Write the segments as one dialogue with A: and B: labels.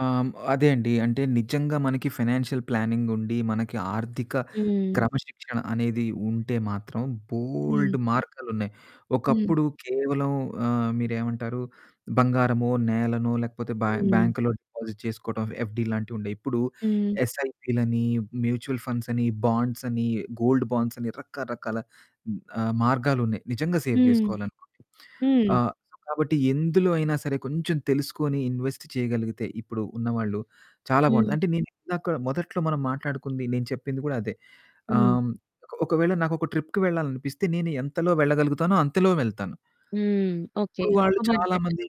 A: ఆహ్, హ్మ్. అదే అండి. అంటే నిజంగా మనకి ఫినాన్షియల్ ప్లానింగుండి. మనకి ఆర్థిక
B: హ్మ్.
A: క్రమశిక్షణ అనేది ఉంటే మాత్రం
B: హ్మ్.
A: బోల్డు మార్గాలున్నాయి.
B: హ్మ్.
A: ఒకప్పుడు కేవలం ఆహ్, మీరేమంటారు? బంగారమో, నేలనో లేకపోతే బ్యా
B: హ్మ్.
A: బ్యాంకులో డిపాజిట్ చేసుకోవడం. ఎఫ్డీ లాంటివి ఉండేవి. ఇప్పుడు
B: హ్మ్.
A: ఎస్ఐపిలని, మ్యూచువల్ ఫండ్స్ అని బాండ్స్ అని గోల్డ్ బాండ్స్ అని రకరకాల ఆహ్, మార్గాలు ఉన్నాయి. నిజంగా సేవ్
B: హ్మ్.
A: చేసుకోవాలనుకుంటే.
B: హ్మ్.
A: ఆహ్, కాబట్టి ఎందులో అయినా సరే కొంచెం తెలుసుకొని ఇన్వెస్ట్ చేయగలిగితే, ఇప్పుడు ఉన్నవాళ్ళు చాలా బావుంటుంది.
B: హ్మ్.
A: అంటే నేనిందాక మొదట్లో మనం మాట్లాడుకుంది నేను చెప్పింది గూడా అదే. ఆహ్,
B: హ్మ్.
A: హ్మ్. ఒక ఒకవేళ నాకొక ట్రిప్‌కి వెళ్ళాలి అనిపిస్తే నేను ఎంతలో వెళ్ళగలుగుతానో అంతలో వెళ్తాను.
B: హ్మ్. ఓకే.
A: ఇప్పుడు
B: ఒక
A: వాళ్ళు
B: బడ్జెట్
A: చాలామంది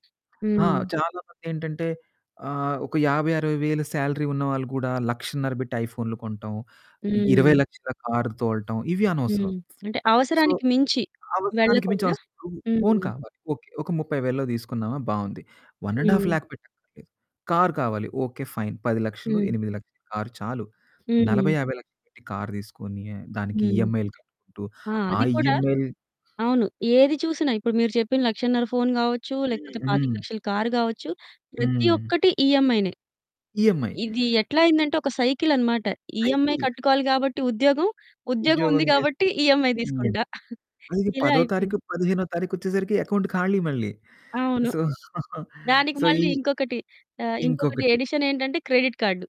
A: హా!
B: హ్మ్.
A: చాలామంది ఏంటంటే ఆహ్, ఒక 50, 60 వేలు సాలరీ ఉన్నవాళ్లు గూడా 1,50,000 బెట్టి ఐఫోన్లు కొనటం. ఇరవై
B: హ్మ్.
A: లక్షల కారు తోలటం ఇవి అనవసరం.
B: హ్మ్. అంటే
A: సో,
B: అవసరానికి మించి
A: అవసరానికి మించి
B: వెళ్ళకుండా
A: వస్తువు ఫోను
B: హ్మ్.
A: కావాలి. ఓకే. ఒక 30,000లలో తీసుకున్నామా బావుంది. వన్ అండ్ హాల్ఫ్
B: హ్మ్.
A: లాఖ్ పెట్టడం ఏంటి. కారు కావాలి. ఓకే. ఫైన్ పది లక్షలు
B: హ్మ్.
A: ఎనిమిది లక్షల కారు చాలు నలభై
B: హ్మ్.
A: యాభై లక్షలు పెట్టి కారు తీసుకొని, దానికి
B: హ్మ్.
A: ఈఎంఐలు కట్టుకుంటూ
B: ఆ!
A: ఆ
B: అది కూడా
A: ఈఎంయల్
B: అవును. ఏది చూసినా ఇప్పుడు మీరు చెప్పిన 1,50,000 ఫోను గావచ్చు
A: హ్మ్,
B: లేకపోతే పాతిక
A: హ్మ్.
B: లక్షల కారు గావచ్చు. ప్రతి
A: హ్మ్.
B: ఒక్కటి ఈఎంఐనే
A: ఈఎంఐ.
B: ఇది ఎట్లా అయిందంటే ఒక సైకిల్ అన్నమాట. ఈఎంఐ
A: అయితే
B: కట్టుకోవాలి గాబట్టి ఉద్యోగం. ఉద్యోగం ఉంది
A: ఉద్యోగం జేసి
B: గాబట్టి ఈఎంఐ
A: హ్మ్.
B: తీసుకుంటా.
A: అది
B: ఇలా
A: పదో తారీఖు,
B: అయిపోయింది.
A: పదిహేనో తారీఖొచ్చేసరికి అకౌంట్ ఖాళీ మళ్ళీ.
B: అవును.
A: సో,
B: దానికి
A: సో, ఈ
B: మళ్ళీ ఇంకొకటి ఆహ్, ఇంకొకటి
A: ఇంకొకటి
B: ఎడిషన్ ఏంటంటే క్రెడిట్ కార్డు.